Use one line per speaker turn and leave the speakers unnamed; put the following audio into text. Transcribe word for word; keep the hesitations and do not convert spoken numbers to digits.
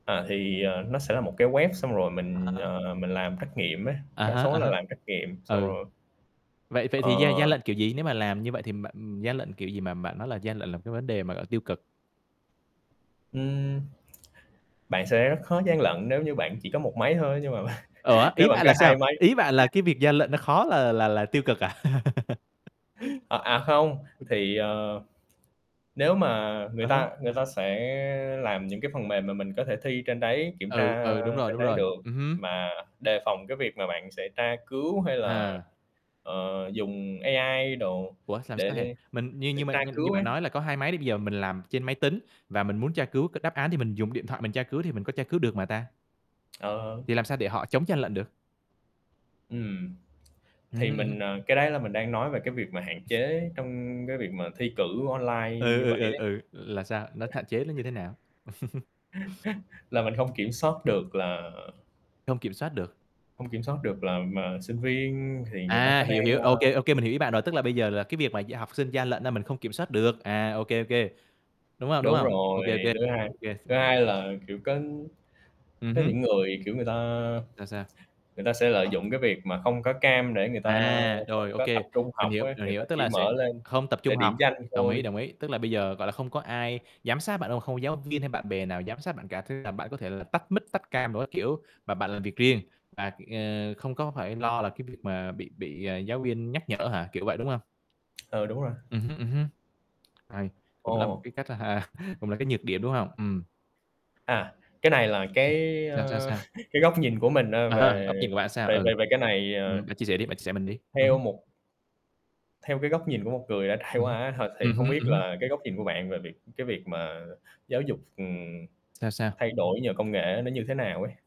À, thì, ờ, nó sẽ là một cái web xong rồi
À
mình,
há.
ờ, mình làm trắc nghiệm á,
À
đa
há,
số
à
là
há.
làm trắc nghiệm, xong
Ừ.
rồi
Vậy vậy thì gian gian
Ờ.
lận kiểu gì? Nếu mà làm như vậy thì bạn gian lận kiểu gì mà bạn nói là gian lận là một cái vấn đề mà, gọi là, tiêu cực?
Ừm. Bạn sẽ rất khó gian lận nếu như bạn chỉ có một máy thôi ấy nhưng mà
Ủa,
nếu
ý
bạn
bạn là
có
sao?
hai máy
Ý bạn là cái việc gian lận nó khó là là là tiêu cực à?
À, à, không, thì, ờ, nếu mà người
Ờ ha.
ta người ta sẽ làm những cái phần mềm mà mình có thể thi trên đấy, kiểm
Ừ,
tra
ừ, đúng rồi,
trên
đúng
đấy
rồi,
được,
ừm hứm.
mà đề phòng cái việc mà bạn sẽ tra cứu hay là,
À.
ờ, dùng AI đồ
Ủa, xàm sao hệ?
để
Mình như
để
như mà
tra
mình như
cứu ấy.
bạn nói là có hai máy đi, bây giờ mình làm trên máy tính và mình muốn tra cứu cái đáp án thì mình dùng điện thoại mình tra cứu thì mình có tra cứu được mà ta?
Ờ, ờ.
Thì làm sao để họ chống gian lận được?
Ừm.
Ừm
Thì
hứm, ừm hứm.
mình, ờ, cái đấy là mình đang nói về cái việc mà hạn chế trong cái việc mà thi cử online
Ừ,
như vậy
ừ, ừ,
ấy.
ừ, là sao? Nó thạn chế nó như thế nào?
Là mình không kiểm soát được là
Không kiểm soát được.
hông kiểm soát được là mà sinh viên thì người ta
À,
có
hiểu,
đang,
hiểu,
a
OK, OK mình hiểu ý bạn rồi, tức là bây giờ là cái việc mà gia học sinh gian lận á mình không kiểm soát được, à, OK, OK. Đúng không, đúng
Đúng
không?
rồi,
OK, OK, OK,
thứ hai
OK. Không
thứ
hiểu.
hai là, kiểu, có
Ừm
có
hứm.
những người, kiểu, người ta
Sao, sao?
người ta sẽ lợi dụng cái việc mà không có cam để người ta
À,
không
rồi, ô
có tập
kê.
trung
Mình
học
hiểu,
ấy,
mình
người ta
hiểu, tức
chỉ
là sẽ
mở lên
không tập trung
để
học,
điểm danh
đồng ý,
thôi.
đồng ý. Tức là bây giờ, gọi là, không có ai giám sát bạn đâu, không có giáo viên hay bạn bè nào giám sát bạn cả, thế là bạn có thể là tắt mic tắt cam đồ các kiểu, mà bạn làm việc riêng và, ờ, không có phải lo là cái việc mà bị bị, à, giáo viên nhắc nhở hả, kiểu vậy, đúng hông?
Ờ, đúng rồi.
Ừm hứm, ừm hứm, hay, cũng là một
Ồ.
cái cách cũng là cái nhược điểm, đúng hông? Ừm.
À, cái này là cái,
Sao, sao,
ờ,
sao?
cái góc nhìn của mình, à,
À ha,
về
góc nhìn của bạn sao?
về
Ừ.
về về cái này,
Ừm,
ờ
bạn chia sẻ đi, bạn chia sẻ mình đi. Ừm
theo
hứm.
một theo cái góc nhìn của một người đã trải
Ừm
qua
hứm.
á th thì
Ừm
không
hứm,
biết
ừm hứm.
là cái góc nhìn của bạn về việc cái việc mà giáo dục, ừm,
Sao, sao?
thay đổi nhờ công nghệ ấy nó như thế nào ấy?